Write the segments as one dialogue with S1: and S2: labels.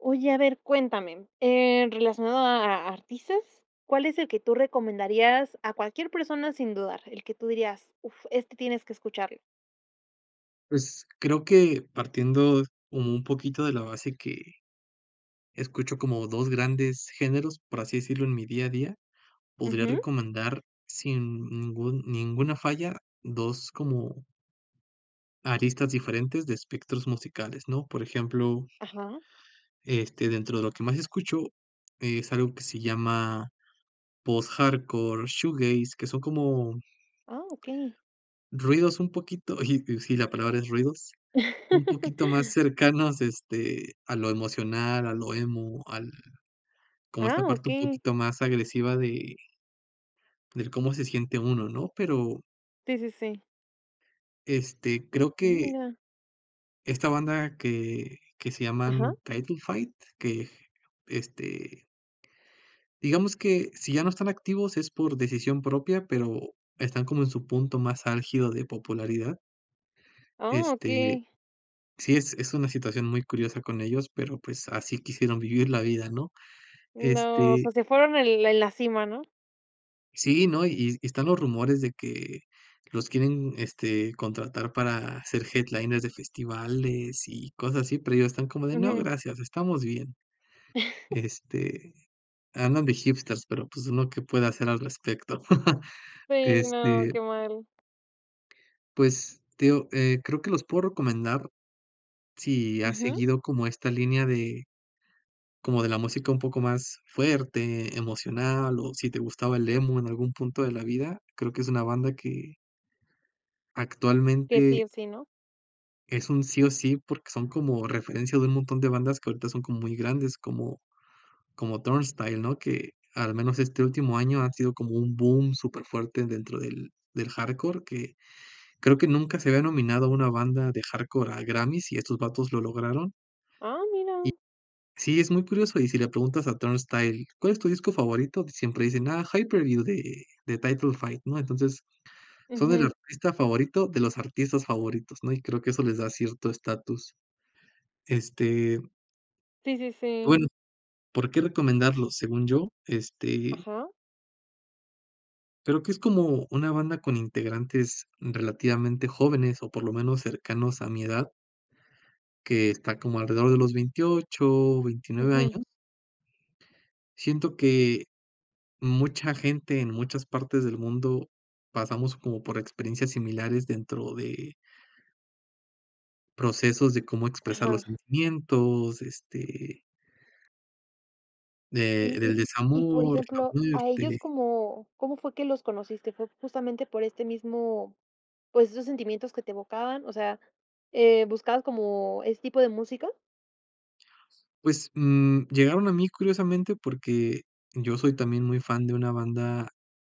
S1: Oye, a ver, cuéntame, em, relacionado a a artistas, ¿cuál es el que tú recomendarías a cualquier persona sin dudar?, el que tú dirías: "Uf, este tienes que escucharlo".
S2: Pues, creo que partiendo como un poquito de la base que escucho como 2 grandes géneros, por así decirlo, en mi día a día, podría
S1: Ujú.
S2: recomendar sin ningún ninguna falla 2 como aristas diferentes de espectros musicales, ¿no? Por ejemplo
S1: Ajá.
S2: este, dentro de lo que más escucho, es algo que se llama post-hardcore shoegaze, que son como
S1: Ah, okey.
S2: ruidos un poquito ji sí, la palabra es ruidos, un poquito más cercanos, este, a lo emocional, a lo emo, al como
S1: Ah,
S2: esta parte un
S1: okey.
S2: poquito más agresiva de del cómo se siente uno, ¿no? Pero
S1: Sí, sí, sí.
S2: este, creo
S1: Mm,
S2: que
S1: mira.
S2: esta banda que que se
S1: Ajá.
S2: llaman Title Fight que, este digamos que si ya no están activos es por decisión propia, pero están como en su punto más álgido de popularidad.
S1: Oh,
S2: Este,
S1: okey.
S2: sí es es una situación muy curiosa con ellos, pero pues así quisieron vivir la vida, ¿no?
S1: No, o
S2: Este
S1: sea, ¿se fueron en en la cima, no?
S2: Sí, no, y y están los rumores de que los quieren, este, contratar para hacer headliners de festivales y cosas así, pero ellos están como de: "No,
S1: Ujú.
S2: gracias, estamos bien." Este, andan de hipsters, pero, pues, ¿uno qué puede hacer al respecto?
S1: Si, no,
S2: Este
S1: que mal.
S2: Pues, te digo, eh, creo que los puedo recomendar si has
S1: Ujú.
S2: seguido como esta línea de como de la música un poco más fuerte, emocional, o si te gustaba el emo en algún punto de la vida. Creo que es una banda que
S1: Que sí
S2: actualmente
S1: o sí, ¿no?
S2: es un sí o sí, porque son como referencia de un montón de bandas que ahorita son como muy grandes, como como Turnstile, ¿no?, que al menos este último año ha sido como un boom súper fuerte dentro del del hardcore que creo que nunca se había nominado a una banda de hardcore a Grammy's, y estos vatos lo lograron
S1: Ah,
S2: Y
S1: mira.
S2: sí, es muy curioso y si le preguntas a Turnstile: "¿Cuál es tu disco favorito?", siempre dicen: "Ah, Hyperview de de Title Fight", ¿no? Entonces, son el
S1: Ujú.
S2: artista favorito de los artistas favoritos, ¿no?, y creo que eso les da cierto estatus. Este
S1: Sí, sí, sí.
S2: Bueno, ¿por qué recomendarlos? Según yo, este
S1: Ajá.
S2: creo que es como una banda con integrantes relativamente jóvenes, o por lo menos cercanos a mi edad que está como alrededor de los 28, 29
S1: Ujú.
S2: años. Siento que mucha gente en muchas partes del mundo pasamos como por experiencias similares dentro de procesos de cómo expresar los
S1: Ajá.
S2: sentimientos, este de
S1: Y y
S2: del
S1: y, por
S2: desamor, la
S1: ejemplo, ¿a ellos
S2: muerte.
S1: cómo cómo fue que los conociste?, ¿fue justamente por este mismo pues, esos sentimientos que te evocaban? O sea, eh, ¿buscabas como ese tipo de música?
S2: Pues, mm, llegaron a mí curiosamente, porque yo soy también muy fan de una banda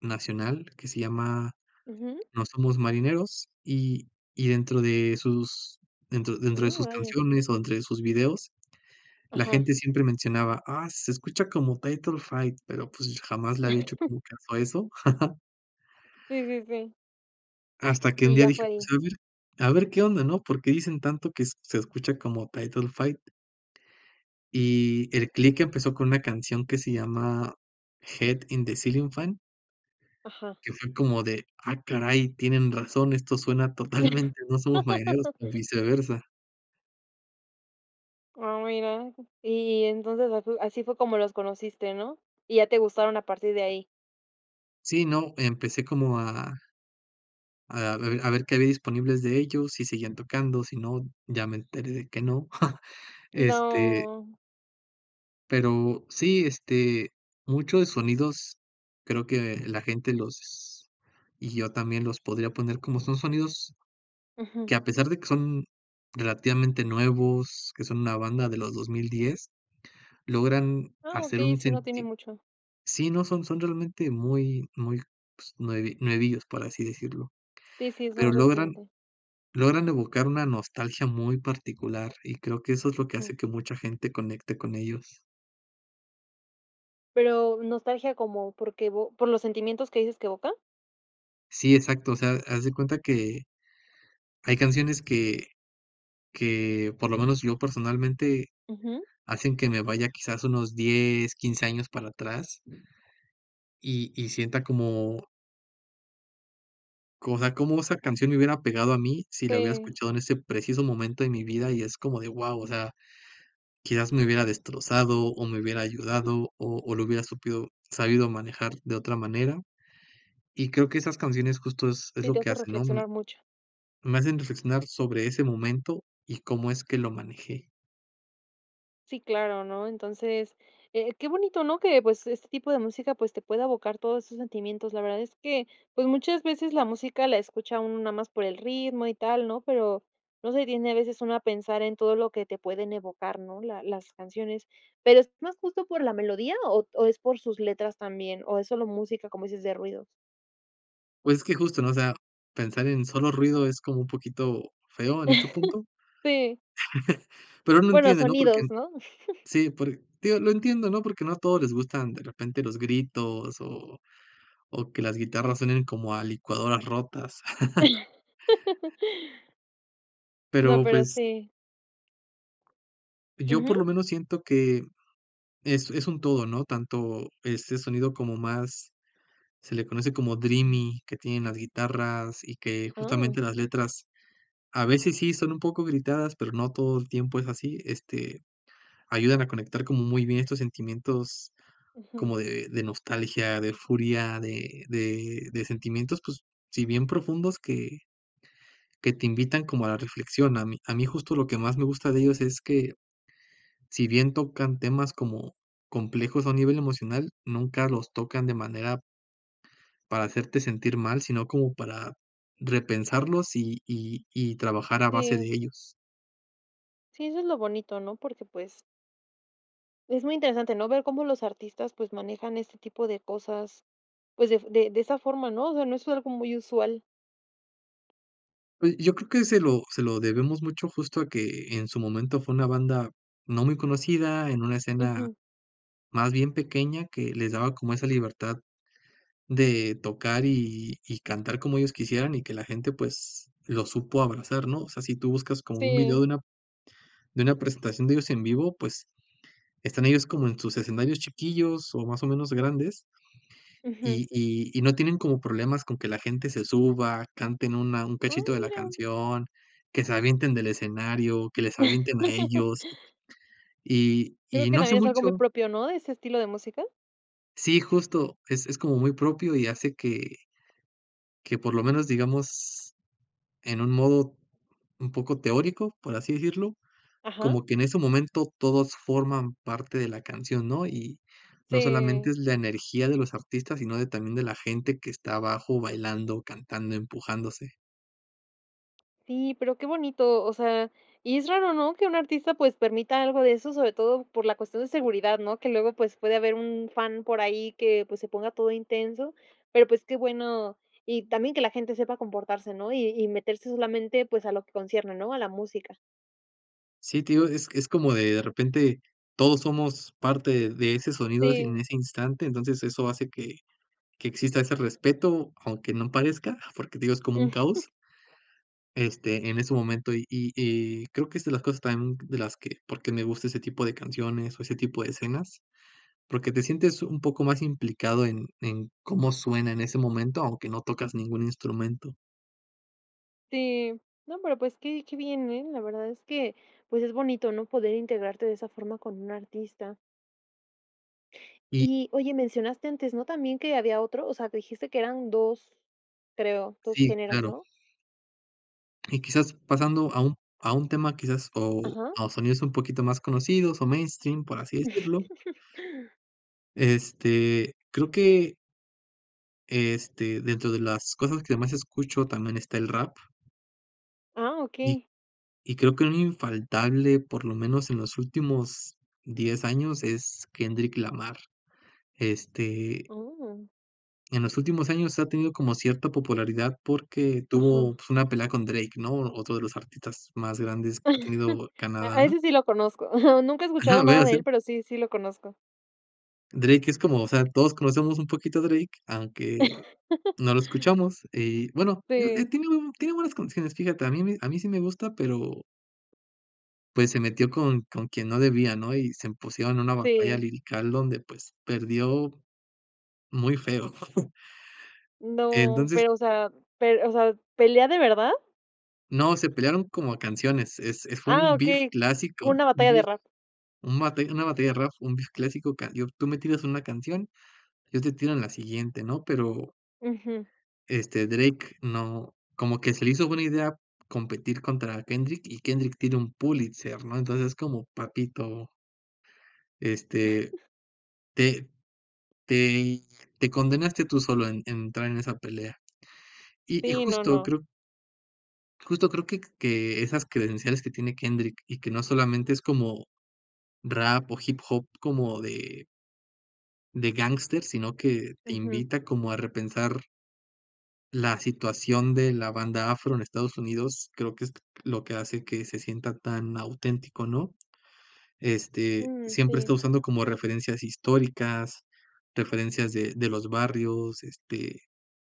S2: nacional que se llama,
S1: Ujú.
S2: No somos marineros, y y dentro de sus dentro dentro de
S1: Oh,
S2: sus
S1: vaya.
S2: canciones, o dentro de sus videos, la
S1: Ajá.
S2: gente siempre mencionaba: "Ah, se escucha como Title Fight", pero, pues, jamás le había hecho como caso a eso.
S1: Sí, sí, sí.
S2: Hasta que un
S1: Y
S2: día
S1: ya
S2: dije:
S1: fue
S2: "Pues,
S1: ahí.
S2: a ver a ver qué onda", ¿no?, ¿por qué dicen tanto que se escucha como Title Fight? Y el click empezó con una canción que se llama, "Head in the ceiling fan"
S1: Ajá.
S2: que fue como de: "Ah caray, tienen razón, esto suena totalmente a No somos marineros o viceversa".
S1: Ah mira, y entonces as así fue como los conociste, ¿no?, y ya te gustaron a partir de ahí.
S2: Sí, no, empecé como a a ver a ver qué había disponibles de ellos, si siguen tocando, si no, ya me enteré de que no. Este
S1: No.
S2: pero sí, este, mucho de sonidos creo que la gente los y yo también los podría poner, como son sonidos
S1: Ujú.
S2: que a pesar de que son relativamente nuevos, que son una banda de los 2010, logran
S1: Ah,
S2: hacer
S1: okey,
S2: un
S1: sí, no tiene
S2: [unintelligible]
S1: mucho.
S2: sí, no son son realmente muy muy pues, nue nuevillos para así decirlo,
S1: Sí, sí, es
S2: pero
S1: más
S2: logran
S1: reciente.
S2: logran evocar una nostalgia muy particular y creo que eso es lo que
S1: Ujú.
S2: hace que mucha gente conecte con ellos.
S1: Pero, ¿nostalgia cómo?, ¿por qué evo por los sentimientos que dices que evoca?
S2: Sí, exacto, o sea, haz de cuenta que, hay canciones que que por lo menos yo personalmente,
S1: Ujú.
S2: hacen que me vaya quizás unos 10, 15 años para atrás, y y sienta cómo como, o sea, cómo esa canción me hubiera pegado a mi si la hubiera
S1: Sí.
S2: escuchado en ese preciso momento en mi vida. Y, es como de, guau, o sea, quizás me hubiera destrozado o me hubiera
S1: [unintelligible]
S2: ayudado o o lo hubiera supido sabido manejar de otra manera. Y, creo que esas canciones justo es es
S1: Sí,
S2: lo
S1: te
S2: que
S1: hace
S2: hacen, ¿no?,
S1: reflexionar mucho.
S2: me hacen reflexionar sobre ese momento y cómo es que lo manejé.
S1: Sí, claro, ¿no? Entonces, eh, qué bonito, ¿no?, que, pues, este tipo de música, pues, te pueda evocar todos esos sentimientos. La verdad es que, pues, muchas veces la música la escucha uno nada más por el ritmo, y tal, ¿no?, pero no se detiene a veces uno a pensar en todo lo que te pueden evocar, ¿no?, la las canciones. ¿Pero es más justo por la melodía, o o es por sus letras también, o es solo música, como dices, de ruidos?
S2: Pues, es que justo, ¿no?, o sea, pensar en solo ruido es como un poquito feo en este punto,
S1: Sí.
S2: pero uno
S1: Bueno,
S2: entiende, ¿no? Porque
S1: sonidos, ¿no?
S2: sí, porque te digo, lo entiendo, ¿no?, porque no a todos les gustan de repente los gritos, o o que las guitarras suenen como a licuadoras rotas.
S1: No,
S2: Pero,
S1: pero
S2: pues
S1: sí.
S2: yo por
S1: Ujú.
S2: lo menos siento que es es un todo, ¿no? Tanto este sonido, como más se le conoce, como dreamy, que tienen las guitarras, y que justamente
S1: Ah.
S2: las letras a veces sí son un poco gritadas, pero no todo el tiempo es así. Este, ayudan a conectar como muy bien estos sentimientos
S1: Ujú.
S2: como de de nostalgia, de furia, de de de sentimientos, pues sí, bien profundos, que que te invitan como a la reflexión. A mí a mí justo lo que más me gusta de ellos es que, si bien tocan temas como complejos a nivel emocional, nunca los tocan de manera para hacerte sentir mal, sino como para repensarlos, y y y trabajar a base de
S1: Sí.
S2: ellos.
S1: Sí, eso es lo bonito, ¿no? Porque pues es muy interesante, ¿no?, ver cómo los artistas, pues, manejan este tipo de cosas, pues, de f de de esa forma, ¿no? O sea, no es algo muy usual.
S2: Oye, yo creo que se lo se lo debemos mucho justo a que en su momento fue una banda no muy conocida en una escena
S1: Ujú.
S2: más bien pequeña que les daba como esa libertad de tocar y y cantar como ellos quisieran y que la gente pues los supo abrazar, ¿no? O sea, si tú buscas como un video
S1: Sí.
S2: de una de una presentación de ellos en vivo, pues, están ellos como en sus escenarios chiquillos o más o menos grandes,
S1: Ujú.
S2: y y y no tienen como problemas con que la gente se suba, canten una un
S1: Ah,
S2: cachito de la
S1: mira.
S2: canción, que se avienten del escenario, que les avienten a ellos, y
S1: Creo
S2: y
S1: que
S2: no hace
S1: también es algo muy
S2: mucho
S1: propio, ¿no?, ¿de ese estilo de música?
S2: Sí, justo, es es como muy propio y hace que que por lo menos digamos en un modo un poco teórico, por así decirlo,
S1: Ajá.
S2: como que en ese momento todos forman parte de la canción, ¿no?, y no solamente
S1: Sí.
S2: es la energía de los artistas, sino de también de la gente que está abajo bailando, cantando, empujándose.
S1: Sí, pero qué bonito. O sea, y es raro, ¿no?, que un artista, pues, permita algo de eso, sobre todo por la cuestión de seguridad, ¿no?, que luego, pues, puede haber un fan por ahí que, pues, se ponga todo intenso, pero, pues, qué bueno. Y también que la gente sepa comportarse, ¿no?, y y meterse solamente, pues, a lo que concierne, ¿no?, a la música.
S2: Sí, te digo, es es como, de de repente, todos somos parte de ese sonido ese en
S1: Sí.
S2: ese instante, entonces, eso hace que que exista ese respeto aunque no parezca, porque te digo es como un caos este, en ese momento. Y y y, creo que es de las cosas también, de las que por qué me gusta ese tipo de canciones, o ese tipo de escenas, porque te sientes un poco más implicado en en cómo suena en ese momento, aunque no tocas ningún instrumento.
S1: Sí. No, pero, pues, qué qué bien, ¿eh?, la verdad es que, pues, es bonito, ¿no?, poder integrarte de esa forma con un artista.
S2: Y
S1: Y, oye, mencionaste antes, ¿no?, también que había otro. O sea, dijiste que eran 2, creo, 2
S2: Sí,
S1: géneros,
S2: claro.
S1: ¿no?
S2: Y quizás, pasando a un a un tema, quizás, o,
S1: Ajá.
S2: a sonidos un poquito más conocidos, o mainstream, por así decirlo este, creo que este, dentro de las cosas que más escucho también está el rap.
S1: Ah,
S2: Y,
S1: okey.
S2: y creo que un infaltable por lo menos en los últimos 10 años es Kendrick Lamar. Este
S1: Oh.
S2: en los últimos años ha tenido como cierta popularidad, porque tuvo,
S1: Ajá.
S2: pues, una pelea con Drake, ¿no?, otro de los artistas más grandes que ha tenido
S1: A
S2: Canadá.
S1: a ese sí lo conozco. Nunca he
S2: Ajá,
S1: escuchado
S2: lo voy a
S1: nada de él,
S2: hacer.
S1: pero, sí, sí lo conozco.
S2: Drake es como, o sea, todos conocemos un poquito a Drake, aunque, no lo escuchamos. Y bueno, digo, eh,
S1: Sí.
S2: tiene buen tiene buenas condiciones. Fíjate, a mí me a mí, sí, me gusta, pero pues, se metió con con quien no debía, ¿no?, y se pusieron en una batalla
S1: Sí.
S2: lírica donde, pues, perdió, muy feo.
S1: No,
S2: Entonces
S1: pero, o sea pero, o sea, ¿pelea de verdad?
S2: No, se pelearon como a canciones. Es es fue
S1: Ah,
S2: un beef
S1: okey, como
S2: clásico,
S1: una
S2: un
S1: batalla de
S2: beef,
S1: rap.
S2: un batalla una batalla de rap, un beef clásico cayó, tú me tiras una canción, yo te tiro en la siguiente, ¿no? Pero
S1: Ujú.
S2: este, Drake no como que se le hizo buena idea competir contra Kendrick, y Kendrick tiene un Pulitzer, ¿no?, entonces, es como, papito este, te te te condenaste tú solo en entrar en esa pelea. Y y
S1: Sí, no,
S2: justo
S1: no.
S2: creo justo creo que que esas credenciales que tiene Kendrick, y que no solamente es como, rap, o hip hop como de de gángster, sino que te
S1: Ujú.
S2: invita como a repensar la situación de la banda afro en Estados Unidos. Creo que es lo que hace que se sienta tan auténtico, ¿no? Este,
S1: Mm,
S2: siempre está
S1: sí.
S2: usando como referencias históricas, referencias de de los barrios, este,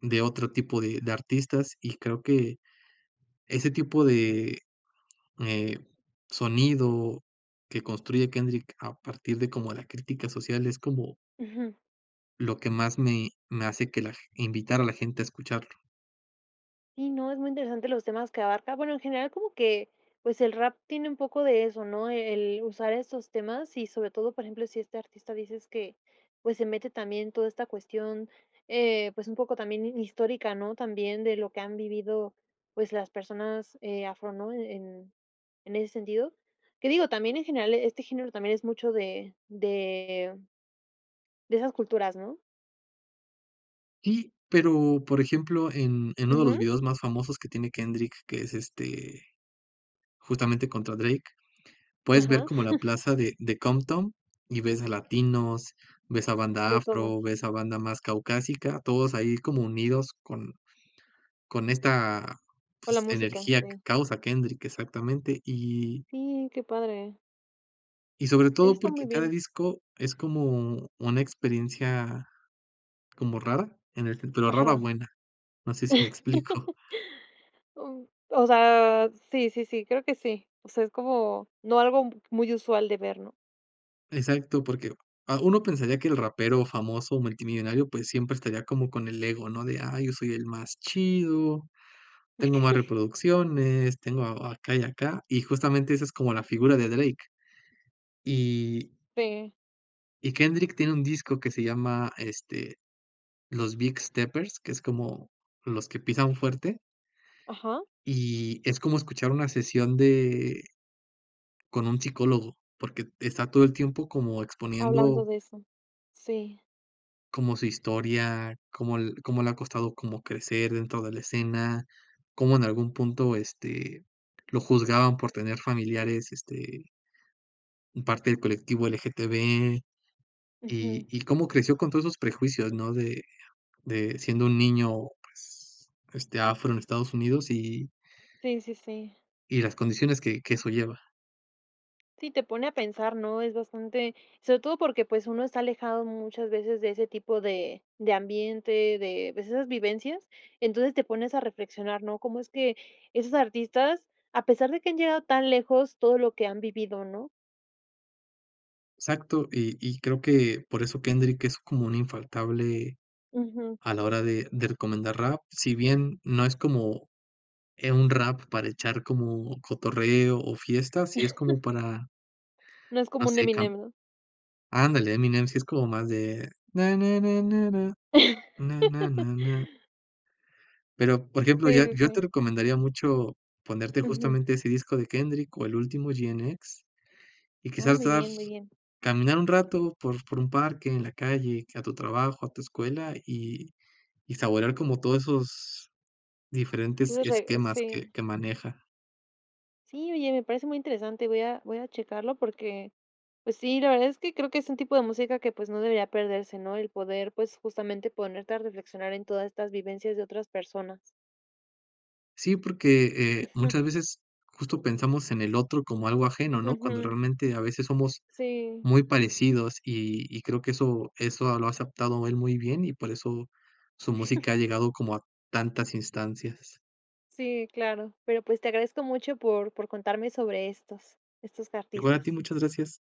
S2: de otro tipo de de artistas. Y creo que ese tipo de, eh, sonido que construye Kendrick a partir de como, la crítica social es como
S1: Ujú.
S2: lo que más me me hace que la invitar a la gente a escucharlo.
S1: ¿Sí, no? Es muy interesante los temas que abarca. Bueno, en general como que, pues, el rap tiene un poco de eso, ¿no? E el usar esos temas y, sobre todo, por ejemplo, si este artista dices que, pues, se mete también toda esta cuestión, eh, pues, un poco también hi histórica, ¿no?, también de lo que han vivido, pues, las personas, eh, afro, ¿no?, en en ese sentido. Que digo, también en general, este género, también es mucho de de de esas culturas, ¿no?
S2: Sí, pero, por ejemplo, en en 1 de los
S1: Ujú.
S2: videos más famosos que tiene Kendrick, que es, este, justamente contra Drake, puedes ver
S1: Ajá.
S2: como la plaza de de Compton y ves a latinos, ves a banda
S1: De todo.
S2: afro, ves a banda más caucásica, todos ahí como unidos con con esta,
S1: Con la
S2: pues,
S1: música,
S2: energía que
S1: sí.
S2: causa Kendrick, exactamente, y
S1: Sí, qué padre.
S2: y sobre
S1: Eso
S2: todo,
S1: está muy
S2: porque cada
S1: bien.
S2: disco es como una experiencia como rara, en el ten pero rara
S1: Ajá.
S2: buena, no sé si me explico.
S1: Uh, o sea, sí, sí, sí, creo que sí. O sea, es como, no algo muy usual de ver, ¿no?
S2: Exacto, porque, ah, uno pensaría que el rapero famoso, multimillonario, pues, siempre estaría como con el ego, ¿no?, de: "Ay, yo soy el más chido, tengo más reproducciones, tengo acá y acá", y justamente esa es como la figura de Drake. Y
S1: Sí.
S2: y Kendrick tiene un disco que se llama, este, Los Big Steppers, que es como los que pisan fuerte.
S1: Ajá.
S2: y es como escuchar una sesión de con un psicólogo, porque et está todo el tiempo como
S1: Hablando
S2: exponiendo
S1: de eso. Sí.
S2: como su historia, como l cómo le ha costado como crecer dentro de la escena, cómo en algún punto, este, lo juzgaban por tener familiares, este en parte del colectivo LGTB.
S1: Ujú.
S2: Y y cómo creció con todos esos prejuicios, ¿no?, de de siendo un niño, pues, este, afro en Estados Unidos y
S1: Sí, sí, sí.
S2: y las condiciones que que eso lleva.
S1: Sí, te pone a pensar, ¿no? Es bastante sobre todo porque, pues, uno está alejado muchas veces de ese tipo de de ambiente, de, pues, esas vivencias, entonces te pones a reflexionar, ¿no?, cómo es que esos artistas, a pesar de que han llegado tan lejos, todo lo que han vivido, ¿no?
S2: Exacto, y y creo que por eso Kendrick es como un infaltable
S1: Ujú.
S2: a la hora de de recomendar rap, si bien no es como, eh, un rap para echar como cotorreo o fiestas sí es como para
S1: No es
S2: no
S1: como un
S2: sé can
S1: Eminem, ¿no?
S2: ándale, Eminem si es como más de: "Na na na na na na na na na." Pero, por ejemplo,
S1: Sí,
S2: ya
S1: sí,
S2: yo
S1: sí.
S2: te recomendaría mucho ponerte
S1: Ujú.
S2: justamente ese disco de Kendrick o el último GNX, y
S1: Ah,
S2: quizás te
S1: muy bien,
S2: vas
S1: muy bien.
S2: caminar un rato por por un parque en la calle, que a tu trabajo, a tu escuela, y y saborear como todos esos diferentes
S1: Tienes raz
S2: esquemas que
S1: sí.
S2: que maneja.
S1: Sí, oye, me parece muy interesante, voy a voy a checarlo porque, pues sí, la verdad es que creo que es un tipo de música que, pues, no debería perderse, ¿no? El poder, pues, justamente, ponerte a reflexionar en todas estas vivencias de otras personas.
S2: Sí, porque, eh,
S1: Ujú.
S2: muchas veces justo pensamos en el otro como algo ajeno, ¿no?, cuando
S1: Ujú.
S2: realmente a veces somos
S1: Sí.
S2: muy parecidos y y creo que eso eso lo ha aceptado él muy bien y por eso su música ha llegado como a tantas instancias.
S1: Sí, claro, pero pues te agradezco mucho por por contarme sobre estos estos
S2: Igual a ti,
S1: artistas.
S2: muchas gracias.